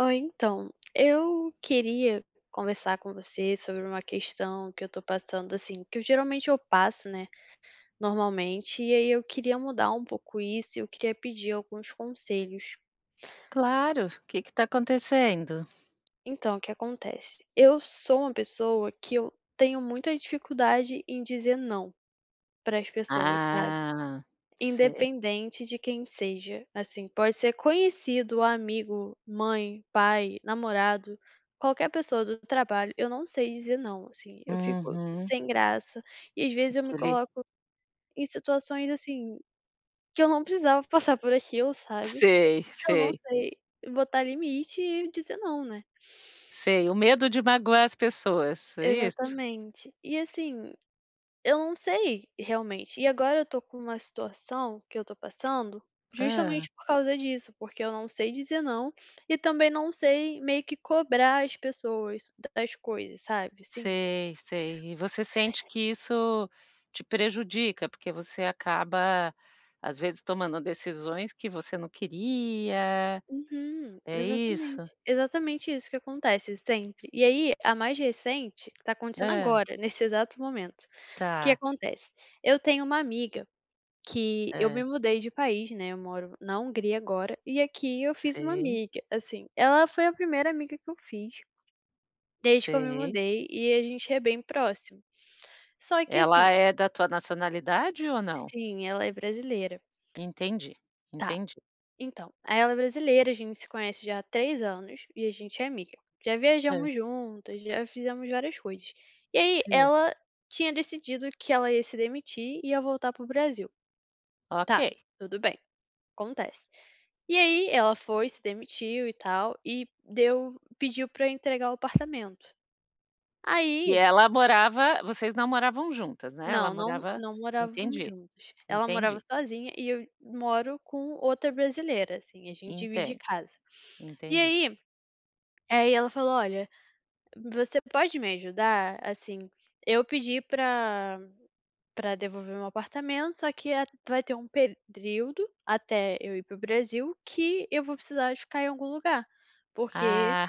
Oi, então, eu queria conversar com você sobre uma questão que eu tô passando assim, que eu geralmente eu passo, né, normalmente, e aí, eu queria mudar um pouco isso e eu queria pedir alguns conselhos. Claro, que que tá acontecendo? Então, o que acontece? Eu sou uma pessoa que eu tenho muita dificuldade em dizer "não", para as pessoas, sabe. Ah! Sei. Independente de quem seja, assim, pode ser conhecido, amigo, mãe, pai, namorado, qualquer pessoa do trabalho, eu não sei dizer "não", assim. Eu fico Uhum. sem graça e, às vezes, eu Para me o le coloco em situações assim, que eu não precisava passar por aquilo, sabe. Sei, Porque eu não sei. sei botar limite e dizer "não", né. Sei, o medo de magoar as pessoas, é isso? Exatamente. E assim, eu não sei realmente. E agora eu tô com uma situação que eu tô passando, Hã. justamente por causa disso, porque eu não sei dizer "não" e também não sei meio que cobrar as pessoas, das coisas, sabe, assim. Sei, sei. E você sente que isso te prejudica, porque você acaba, às vezes, tomando decisões que você não queria? Uhum. É isso? Exatamente, exatamente isso que acontece, sempre. E aí, a mais recente tá acontecendo Hã. agora, nesse exato momento. O que Tá. acontece? Eu tenho uma amiga, que eu me Hã. mudei de país, né. Eu moro na Hungria agora, e aqui eu fiz uma Sei. amiga, assim, ela foi a primeira amiga que eu fiz desde que eu me Sei. mudei, e a gente é bem próxima, só que assim Ela é da tua nacionalidade ou não? Sim, ela é brasileira. Entendi, Tá. entendi. Então, aí ela é brasileira, a gente se conhece já há 3 anos e a gente é amiga. Já Hã. viajamos juntas, já fizemos várias coisas. E aí, Sei. ela tinha decidido que ela ia se demitir, e ai voltar para o Brasil. Tá, Ok. tudo bem, acontece. E aí, ela foi, se demitiu e tal e deu pediu pra entregar o apartamento. E Aí ela morava Vocês não moravam juntas, né? Ela Não, não, morava não morávamos Entendi, juntas, ela morava entendi. sozinha e eu moro com outra brasileira, assim, a gente divide Entendo. casa. E Entendi. aí aí ela falou: "Olha, você pode me ajudar assim, eu pedi pra pra devolver o meu apartamento, só que a vai ter um período até eu ir para o Brasil, que eu vou precisar ficar em algum lugar, porque Ah!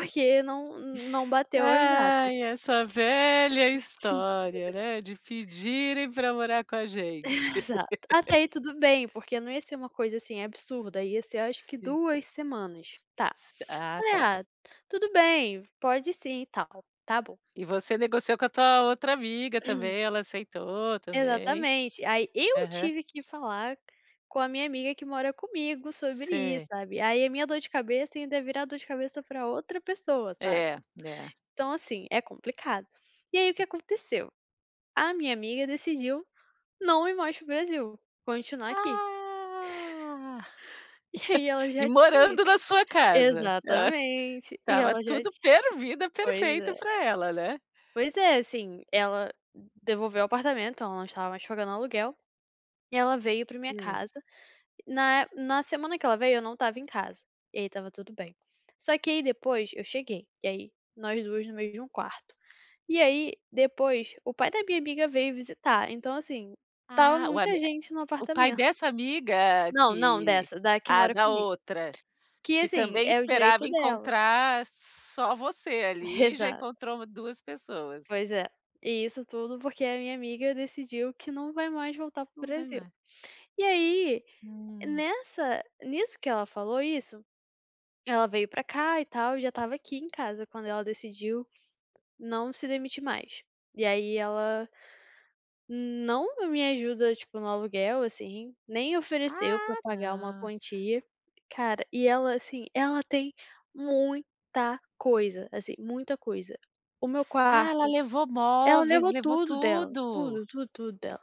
não não bateu as datas." Ai, essa velha [unintelligible] Pois história, é. né, de pedirem pra morar com a gente. Exato. Até aí tudo bem, porque não ia ser uma coisa, assim, absurda. Ia ser, acho que Sim. 2 semanas, tá. S ah, Falei: tá. "Ah, tudo bem, pode sim e tal." Tá bom. E você negociou com a tua outra amiga também? Ela aceitou também? Exatamente, aí eu Aham. tive que falar com a minha amiga que mora comigo sobre isso, Se. sabe. Aí a minha dor de cabeça ainda ia virar dor de cabeça pra outra pessoa, sabe. É, é. Então assim, é complicado. E aí, o que É. aconteceu? A minha amiga decidiu, não ir mais para o Brasil, continuar aqui. Ah! E aí ela e já tinha morando na sua casa. Hã Exatamente. E Estava ela já tudo per tinha vida, pois perfeito é. pra ela, né. Pois é, assim, ela devolveu o apartamento, ela não estava mais pagando aluguel, e ela veio pra minha Sei. casa. Na é na semana que ela veio, eu não estava em casa, e aí estava tudo bem. Só que aí depois eu cheguei, e aí nós 2 no meio de quarto. E aí depois, o pai da minha amiga veio visitar, então assim, estava Ah! O ami muita eh, gente no o pai apartamento. dessa amiga Não, não que dessa. Da que Ah, mora da comigo, outra. que Que assim, também é o esperava direito dela. encontrar só você ali, e já Exato. encontrou 2 pessoas. Pois é, e isso tudo porque a minha amiga decidiu que não vai mais voltar para o Não vai Brasil. mais. E aí, Hum. nessa nisso que ela falou isso, ela veio pra cá e tal, e já estava aqui em casa quando ela decidiu não se demitir mais. E aí, ela não me ajuda, tipo, no aluguel assim, nem ofereceu pra Ah! pagar uma tá. quantia. Cara, e ela assim, ela tem muita coisa. Assim, muita coisa. O meu Ah, ela quarto levou Ela móveis? levou Levou tudo dela, tudo? tudo, tudo, tudo dela.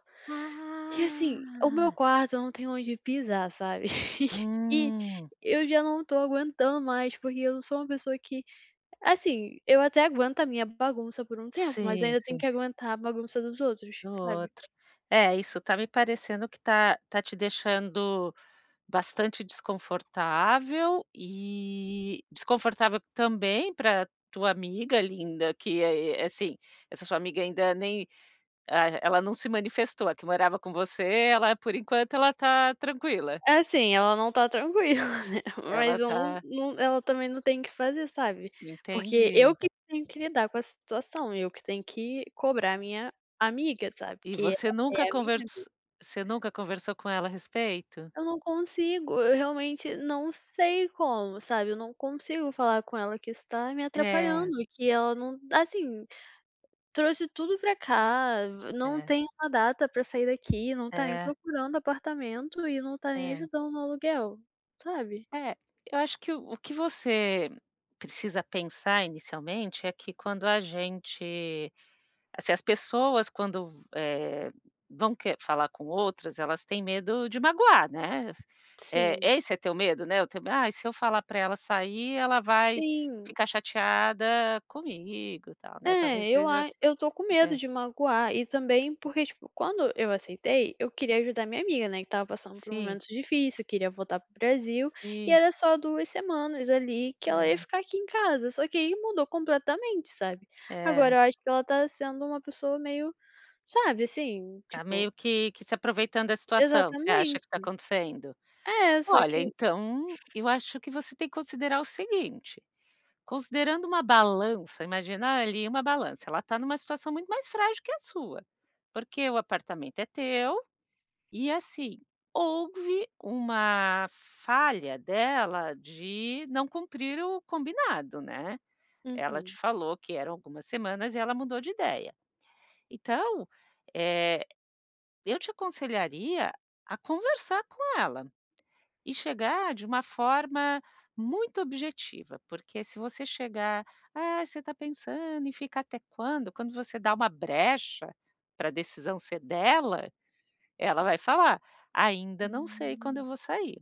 E assim, o meu Ah! quarto, eu não tenho onde pisar, sabe, e Hum. eu já não tô aguentando mais, porque eu sou uma pessoa que, assim, eu até aguento a minha bagunça por um tempo, mas Sei, ainda tem sei. que aguentar bagunça dos outros, Do sabe. outro. É isso tá me parecendo que tá tá te deixando bastante desconfortável, e desconfortável também pra tua amiga linda que é é Assim, essa sua amiga ainda nem ah, ela não se manifestou, a que morava com você, ela por enquanto, ela tá tranquila? Assim, ela não tá tranquila, né, Ela mas om tá num ela também não tem o que fazer, sabe. Porque eu Entendi. que tenho que lidar com a situação, eu que tenho que cobrar a minha amiga, sabe, E porque você nunca é a minha amiga. convers você nunca conversou com ela a respeito? Eu não consigo, eu realmente não sei como, sabe, eu não consigo falar com ela que isso tá me É. atrapalhando, e que ela não Assim, trouxe tudo pra cá, não É. tem uma data pra sair daqui, não tá nem É. procurando apartamento, e não tá nem É. ajudando no aluguel, sabe. É, eu acho que o o que você precisa pensar inicialmente, é que quando a gente se as pessoas quando, eh, vão quer falar com outras, elas tem medo de magoar, né. Eh, Sim. esse é teu medo, né? O teu "Ai, se eu falar pra ela sair, ela vai Sim. ficar chateada comigo e tal", né. Talvez É, eu seja a eu tô com medo É. de magoar, e também porque, tipo, quando eu aceitei, eu queria ajudar minha amiga, né, que estava passando por um Sim. momento difícil, queria voltar para o Brasil, e Sim. era só 2 semanas ali, que ela ia É. ficar aqui em casa. Só que aí mudou completamente, sabe, É. agora eu acho que ela tá sendo uma pessoa meio sabe, assim, Tá meio tipo que que se aproveitando da situação. Você acha que Exatamente. tá acontecendo? É, só Olha, que então, eu acho que você tem que considerar o seguinte, considerando uma balança imagina ali é uma balança, ela tá numa situação muito mais frágil que a sua, porque o apartamento é teu, e assim, houve uma falha dela de não cumprir o combinado, né? Ela te Uhum. falou que eram algumas semanas e ela mudou de ideia. Então, eh, eu te aconselharia a conversar com ela, e chegar de uma forma muito objetiva, porque se você chegar: "Ah, você tá pensando em fica até quando?" Quando você dá uma brecha pra decisão ser dela, ela vai falar: "Ainda não sei quando Hum. eu vou sair."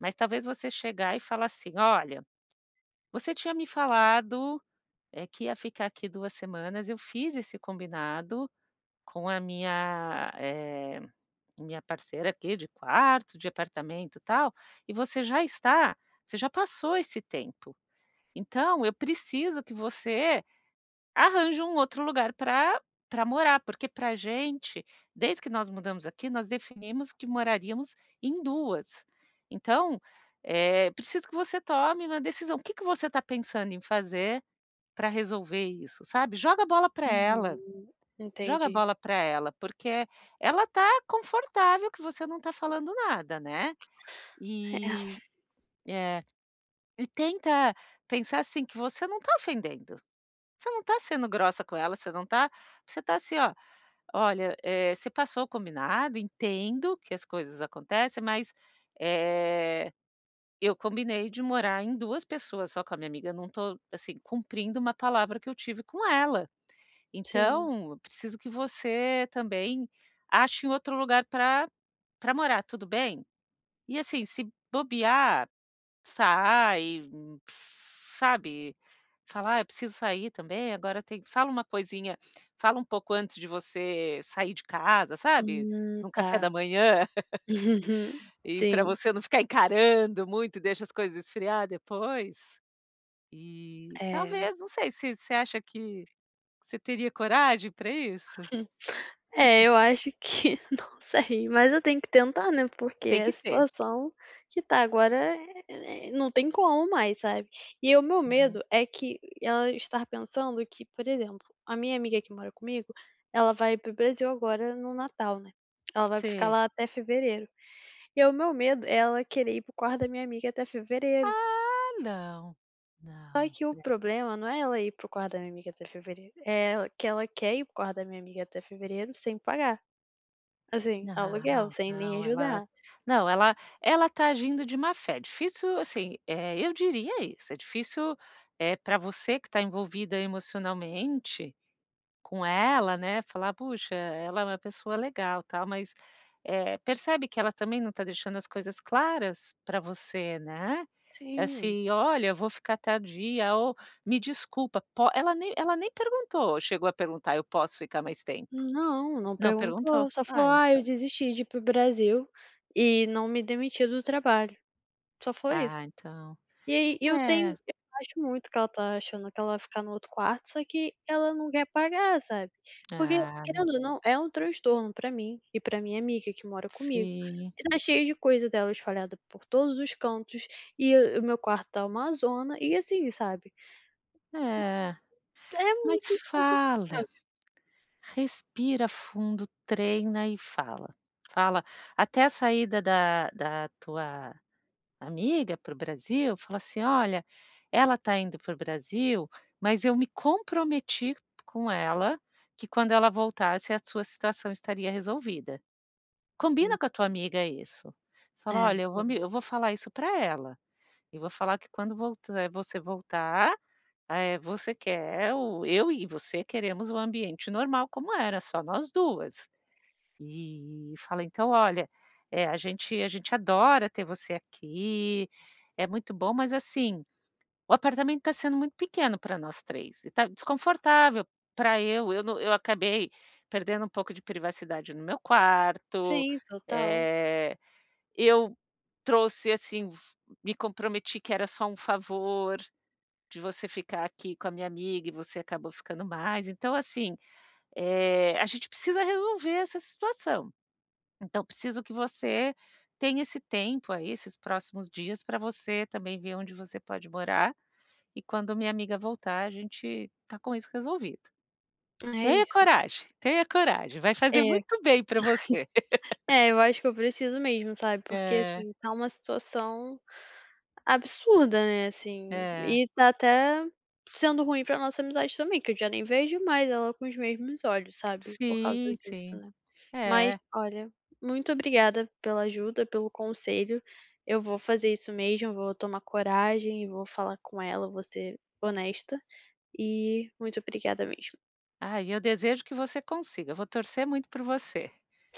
Mas talvez você chegar e falar assim: "Olha, você tinha me falado, eh, que ia ficar aqui 2 semanas, eu fiz esse combinado com a minha eh, minha parceira aqui de quarto, de apartamento, tal, e você já está você já passou esse tempo, então eu preciso que você arranje um outro lugar pra pra morar, porque pra gente, desde que nós mudamos aqui, nós definimos que moraríamos em duas. Então, eh, preciso que você tome uma decisão. O que que você tá pensando em fazer pra resolver isso?" Sabe. Joga a bola pra ela. Entendi, Joga a entendi. bola pra ela, porque ela tá confortável, que você não tá falando nada, né. É. E É. E tenta pensar assim, que você não tá ofendendo, você não tá sendo grossa com ela, você não tá você tá assim ó: "Olha, eh, você passou o combinado, entendo que as coisas acontecem, mas, eh, eu combinei de morar em duas pessoas, só com a minha amiga, não tô assim, cumprindo uma palavra que eu tive com ela. Sim. Então, preciso que você também ache um outro lugar pra pra morar, tudo bem?". E assim, se bobear, sai, sabe. Fala: "Ah, eu preciso sair também, agora tem". Fala uma coisinha, fala um pouco antes de você sair de casa, Em sabe. na Num café tá, da manhã. E pra sim. você não ficar encarando muito, deixa as coisas esfriar depois. Eh, É. talvez, não sei, se você acha que, você teria coragem pra isso? É, eu acho que não sei, mas eu tenho que tentar, né, porque Tem a que ter. situação que tá agora, eh, não tem como mais, sabe. E o meu Uhum. medo é que, ela estar pensando que por exemplo, a minha amiga que mora comigo, ela vai para o Brasil agora no natal, né, ela vai ficar Sei. lá até fevereiro. E é o meu medo, é ela querer ir para o quarto da minha amiga até fevereiro. Ah! Não. Só Não, que o né. problema, não é ela ir para o quarto da minha amiga até fevereiro, é ela que ela quer ir para o quarto da minha amiga até fevereiro sem pagar, assim aluguel, Não, sem nem não ela ajudar. não ela ela tá agindo de má-fé, difícil assim, eh, eu diria isso, é difícil, eh, pra você que tá envolvida emocionalmente com ela, né, falar: "Puxa, ela é uma pessoa legal, tal." Mas, eh, percebe que ela também não tá deixando as coisas claras pra você, né. Tinha. Assim: "Olha, eu vou ficar tardia ou me desculpa po" Ela nem ela nem perguntou chegou a perguntar: "Eu posso ficar mais tempo?" Não, não Não perguntou, perguntou. Só falou: ah, "Ah eu então. desisti de ir para o Brasil e não me demiti do trabalho." Só foi Ah, isso. então, E aí eu tenho é. eu acho muito que ela tá achando que ela vai ficar no outro quarto, só que ela não quer pagar, sabe. Porque Ah, não. querendo ou não é um transtorno pra mim e pra minha amiga, que mora comigo. Sim. Tá cheio de coisas dela espalhadas por todos os cantos, e o o meu quarto tá uma zona e assim, sabe. É. E é Mas muito fala, desconfortável. respira fundo, treina e fala. Fala até a saída da da tua amiga para o Brasil. Fala assim: "Olha, ela tá indo para o Brasil, mas eu me comprometi com ela, que quando ela voltasse, a sua situação estaria resolvida." Combina com a tua [unintelligible] amiga isso. Fala: É, "Olha eu vou me [unintelligible] eu vou falar isso pra ela, eu vou falar que quando volta você voltar, eh, você quer, ou eu e você queremos o ambiente normal como era, só nós duas." E fala: "Então, olha, eh, a gente a gente adora ter você aqui, é muito bom, mas assim, o apartamento tá sendo muito pequeno pra nós três, e tá desconfortável pra eu eu no eu acabei perdendo um pouco de privacidade no meu quarto, Sim, total. eh, eu trouxe assim, me comprometi que era só um favor, de você ficar aqui com a minha amiga e você acabou ficando mais. Então assim, eh, a gente precisa resolver essa situação. Então, preciso que você tenha esse tempo aí, esses próximos dias, pra você também ver onde você pode morar, e quando minha amiga voltar a gente tá com isso resolvido." Ah, é Tenha isso. coragem! Tenha coragem! Vai É fazer muito bem pra você. é eu acho que eu preciso mesmo sabe, porque É. assim, tá uma situação absurda, né, assim. É. E tá até sendo ruim pra nossa amizade também, que eu já nem vejo mais ela com os mesmos olhos, sabe, por causa Sim, disso, sim. né. Mas É. olha, muito obrigada pela ajuda, pelo conselho, eu vou fazer isso mesmo, vou tomar coragem e vou falar com ela, vou ser honesta e muito obrigada mesmo. Ah, e eu desejo que você consiga, eu vou torcer muito por você,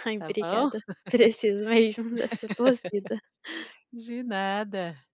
Ai, tá bom. obrigada, preciso mesmo dessa torcida. De nada.